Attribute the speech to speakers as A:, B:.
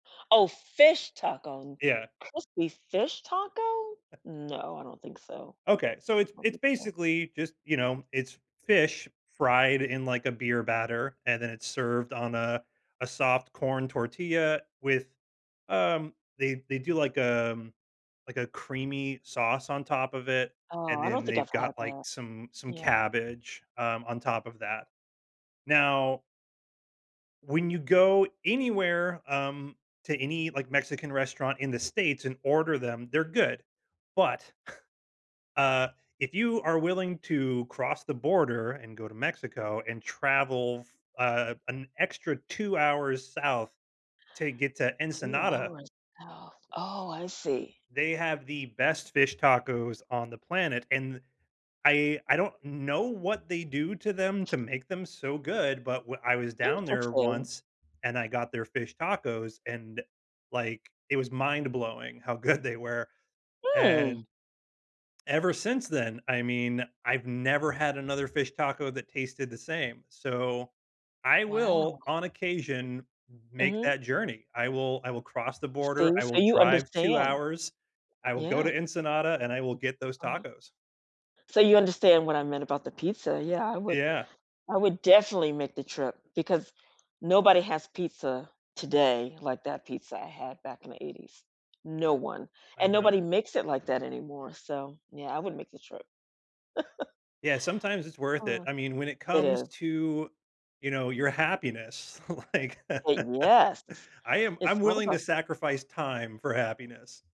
A: Oh, fish taco.
B: Yeah.
A: Crispy fish taco? No, I don't think so.
B: Okay, so it's
A: Don't
B: it's
A: think so.
B: basically just you know, it's fish, fried in, like, a beer batter, and then it's served on a a soft corn tortilla, with, um they they do like, um like, a creamy sauce on top of it,
A: Oh,
B: and
A: I
B: then
A: don't think
B: they've
A: I've
B: got,
A: had
B: like,
A: that.
B: some some
A: Yeah.
B: cabbage, um, on top of that. Now when you go anywhere, um, to any, like, Mexican restaurant in the States, and order them they're good, but uh, if you are willing to cross the border and go to Mexico, and travel f uh, an extra 2 hours South, to get to
A: 2
B: Ensenada
A: hours. Oh, I see.
B: They have the best fish tacos on the planet, and th I I don't know what they do to them to make them so good, but w I was down there
A: Interesting.
B: once, and I got their fish tacos, and, like, it was mind-blowing how good they were,
A: Mm.
B: and, ever since then, I mean, I've never had another fish taco that tasted the same, so I
A: Wow.
B: will, on occasion, m make
A: Mhm.
B: that journey. I will I will cross the border,
A: See,
B: I
A: so
B: will
A: you
B: drive 2
A: understand.
B: hours, I will go
A: Yeah.
B: to Ensenada, and I will get those
A: Uh-huh.
B: tacos.
A: So you understand what I meant about the pizza yeah, I would
B: Yeah.
A: I would definitely make the trip, because nobody has pizza, today, like that pizza I had back in the 80s. No one.
B: I
A: And
B: know.
A: nobody makes it like that anymore, so, yeah, I wouldn't make the trip.
B: Yeah, sometimes it's worth it.
A: Oh
B: I mean, when it
A: it
B: comes
A: is.
B: to, you know, your happiness, like
A: Eh Yes!
B: I am I'm
A: It's all
B: willing to
A: about
B: sacrifice time for happiness.